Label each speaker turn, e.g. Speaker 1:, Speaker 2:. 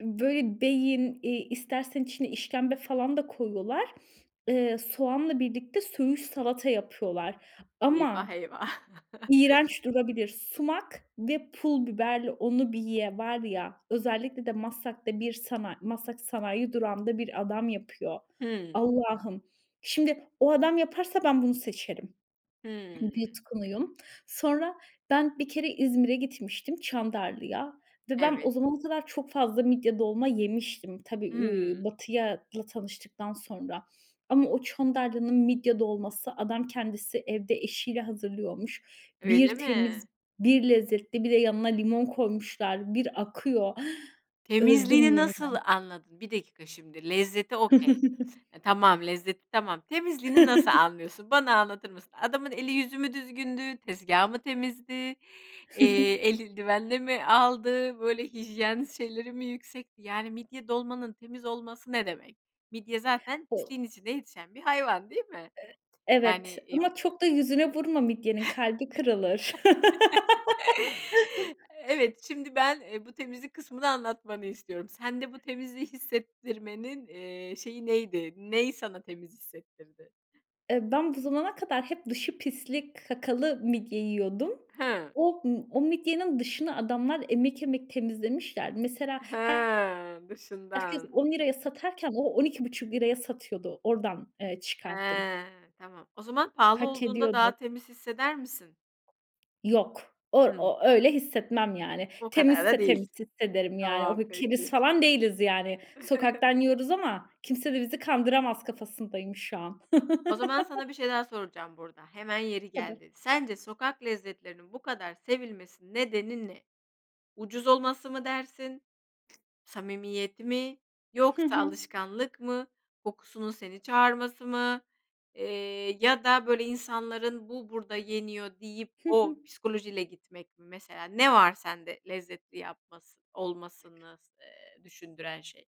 Speaker 1: Böyle, beyin, iii, istersen içine işkembe falan da koyuyorlar. Iıı, soğanla birlikte söğüş salata yapıyorlar
Speaker 2: Eyvah,
Speaker 1: ama
Speaker 2: eyvah!
Speaker 1: iğrenç durabilir. Sumak ve pul biberle onu bir ye! Var ya! Özellikle de Maslak'ta bir sana Maslak Sanayi Durağı'nda bir adam yapıyor.
Speaker 2: Hıı.
Speaker 1: Allah'ım, şimdi o adam yaparsa ben bunu seçerim.
Speaker 2: Hımm.
Speaker 1: Bir yutkunuyum. Sonra ben bir kere İzmir'e gitmiştim Çandarlı'ya ve ben o
Speaker 2: Evet.
Speaker 1: zamana kadar çok fazla midye dolma yemiştim. Tabii, iii,
Speaker 2: Hımm.
Speaker 1: Batı'yla tanıştıktan sonra ama o Çandarlı'nın midye dolması adam kendisi evde eşiyle hazırlıyormuş.
Speaker 2: Öyle
Speaker 1: Bir
Speaker 2: mi?
Speaker 1: temiz, bir lezzetli bir de yanına limon koymuşlar. Bir akıyor. Öldüm
Speaker 2: Temizliğini nasıl
Speaker 1: yeniden!
Speaker 2: anladın? 1 dakika şimdi, lezzeti okey, e, tamam, lezzeti, tamam. Temizliğini nasıl anlıyorsun bana anlatır mısın? Adamın eli yüzü mü düzgündü, tezgâhı mı temizdi, eee, eldivenle mi aldı, böyle hijyen şeyleri mi yüksekti, yani midye dolmanın temiz olması ne demek? Midye zaten
Speaker 1: O
Speaker 2: pisliğin içinde yetişen bir hayvan, değil mi?
Speaker 1: E evet,
Speaker 2: Yani iii
Speaker 1: ama çok da yüzüne vurma midyenin, kalbi kırılır.
Speaker 2: Evet şimdi ben, eee, bu temizlik kısmını anlatmanı istiyorum. Sende bu temizliği hissettirmenin, iii, şeyi neydi? Ney sana temiz hissettirdi?
Speaker 1: Eee, ben bu zamana kadar hep dışı pislik, kakalı midye yiyordum.
Speaker 2: Hıı.
Speaker 1: O m o midyenin dışını adamlar emek emek temizlemişler. Mesela her
Speaker 2: Hıı.
Speaker 1: herkes
Speaker 2: Dışından.
Speaker 1: 10 liraya satarken o 12,5 liraya satıyordu. Oradan, eee, çıkarttım.
Speaker 2: He. Tamam, o zaman pahalı
Speaker 1: Hak
Speaker 2: olduğunda
Speaker 1: ediyordu.
Speaker 2: daha temiz hisseder misin?
Speaker 1: Yok. Or
Speaker 2: Hımm.
Speaker 1: o öyle hissetmem, yani.
Speaker 2: O kadar da
Speaker 1: Temizse
Speaker 2: değil!
Speaker 1: temiz hissederim, yani. O
Speaker 2: Tamam,
Speaker 1: keriz
Speaker 2: peki.
Speaker 1: falan değiliz, yani. Sokaktan yiyoruz ama kimse de bizi kandıramaz kafasındayım şu an.
Speaker 2: O zaman sana bir şey daha soracağım burada, hemen yeri
Speaker 1: Tabii.
Speaker 2: geldi. Sence sokak lezzetlerinin bu kadar sevilmesi nedeni ne? Ucuz olması mı dersin, samimiyeti mi,
Speaker 1: Hı
Speaker 2: yoksa
Speaker 1: hı.
Speaker 2: alışkanlık mı, kokusunun seni çağırması mı, eee, ya da, böyle,, insanların bu burada yeniyor deyip
Speaker 1: Hı
Speaker 2: o
Speaker 1: hı.
Speaker 2: psikolojiyle gitmek mi mesela, ne var sende lezzetli yapmasını olmasını s eee, düşündüren şey?